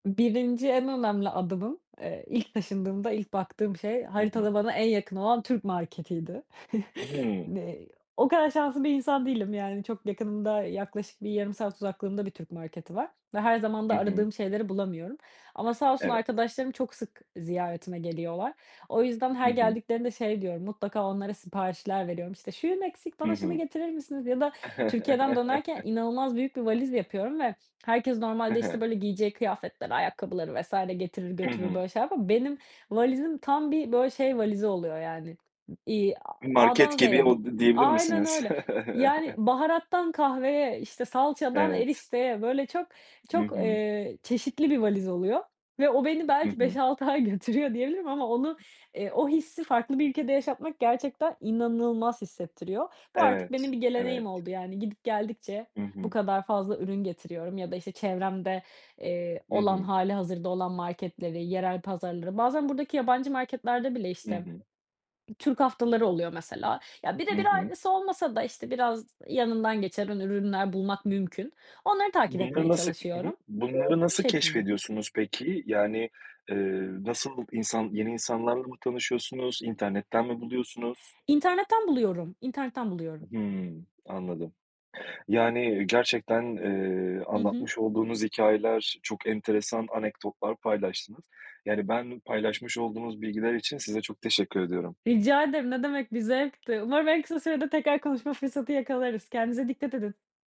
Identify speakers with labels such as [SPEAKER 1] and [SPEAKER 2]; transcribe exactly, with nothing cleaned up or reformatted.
[SPEAKER 1] birinci en önemli adımım, eee, ilk taşındığımda, ilk baktığım şey
[SPEAKER 2] Hı hı.
[SPEAKER 1] haritada bana en yakın olan Türk marketiydi.
[SPEAKER 2] Hımm.
[SPEAKER 1] N eee, o kadar şanslı bir insan değilim yani çok yakınımda yaklaşık bir yarım saat uzaklığımda bir Türk marketi var ve her zaman da
[SPEAKER 2] Hı hı.
[SPEAKER 1] aradığım şeyleri bulamıyorum ama sağ olsun
[SPEAKER 2] Evet.
[SPEAKER 1] arkadaşlarım çok sık ziyaretime geliyorlar. O yüzden,
[SPEAKER 2] Hı
[SPEAKER 1] her
[SPEAKER 2] hı.
[SPEAKER 1] geldiklerinde şey diyorum, mutlaka onlara siparişler veriyorum: "İşte şuyum eksik
[SPEAKER 2] Hı
[SPEAKER 1] bana şunu
[SPEAKER 2] hı.
[SPEAKER 1] getirir misiniz?" ya da Türkiye'den dönerken inanılmaz büyük bir valiz yapıyorum ve herkes
[SPEAKER 2] He
[SPEAKER 1] normalde
[SPEAKER 2] he.
[SPEAKER 1] işte böyle giyeceği kıyafetleri, ayakkabıları vs. getirir
[SPEAKER 2] Hı
[SPEAKER 1] götürür
[SPEAKER 2] hı.
[SPEAKER 1] böyle şeyler yapar. Benim valizim tam bir böyle şey valizi oluyor yani, iii,
[SPEAKER 2] Iıı,
[SPEAKER 1] aaa, A'dan
[SPEAKER 2] market gibi,
[SPEAKER 1] Z'ye bı
[SPEAKER 2] o d diyebilir
[SPEAKER 1] aynen
[SPEAKER 2] misiniz?
[SPEAKER 1] öyle yani baharattan kahveye, işte, salçadan
[SPEAKER 2] Evet.
[SPEAKER 1] erişteye, böyle çok,
[SPEAKER 2] Hı
[SPEAKER 1] çok,
[SPEAKER 2] hı.
[SPEAKER 1] eee, çeşitli bir valiz oluyor ve o beni
[SPEAKER 2] Hı
[SPEAKER 1] belki beş
[SPEAKER 2] hı.
[SPEAKER 1] altı ay götürüyor diyebilirim ama onu, eee, o hissi farklı bir ülkede yaşatmak gerçekten inanılmaz hissettiriyor. Bu artık,
[SPEAKER 2] Evet,
[SPEAKER 1] benim bir
[SPEAKER 2] evet.
[SPEAKER 1] geleneğim oldu yani gidip geldikçe
[SPEAKER 2] Hı
[SPEAKER 1] bu
[SPEAKER 2] hı.
[SPEAKER 1] kadar fazla ürün getiriyorum ya da işte çevremde, eee,
[SPEAKER 2] Hı
[SPEAKER 1] olan
[SPEAKER 2] hı.
[SPEAKER 1] hâlihazırda olan marketleri yerel pazarları, bazen buradaki yabancı marketlerde bile
[SPEAKER 2] Hı
[SPEAKER 1] işte
[SPEAKER 2] hı.
[SPEAKER 1] Türk haftaları oluyor mesela. Ya,
[SPEAKER 2] Hı
[SPEAKER 1] birebir
[SPEAKER 2] hı.
[SPEAKER 1] aynısı olmasa da işte, biraz yanından geçen ün ürünler bulmak mümkün. Onları takip
[SPEAKER 2] Bunları
[SPEAKER 1] etmeye
[SPEAKER 2] nasıl, hı hı,
[SPEAKER 1] çalışıyorum.
[SPEAKER 2] bunları
[SPEAKER 1] Bu
[SPEAKER 2] nasıl
[SPEAKER 1] şekilde.
[SPEAKER 2] keşfediyorsunuz peki? Yani, ııı, nasıl insan, yeni insanlarla mı tanışıyorsunuz, internetten mi buluyorsunuz?
[SPEAKER 1] İnternetten buluyorum, internetten buluyorum.
[SPEAKER 2] Hımm, anladım. Yani, iii, gerçekten, eee,
[SPEAKER 1] Hı hı.
[SPEAKER 2] anlatmış olduğunuz hikâyeler, çok enteresan anekdotlar paylaştınız. Yani ben paylaşmış olduğunuz bilgiler için size çok teşekkür ediyorum.
[SPEAKER 1] Rica ederim, ne demek bir zevkti. Umarım en kısa sürede tekrar konuşma fırsatı yakalarız. Kendinize dikkat edin.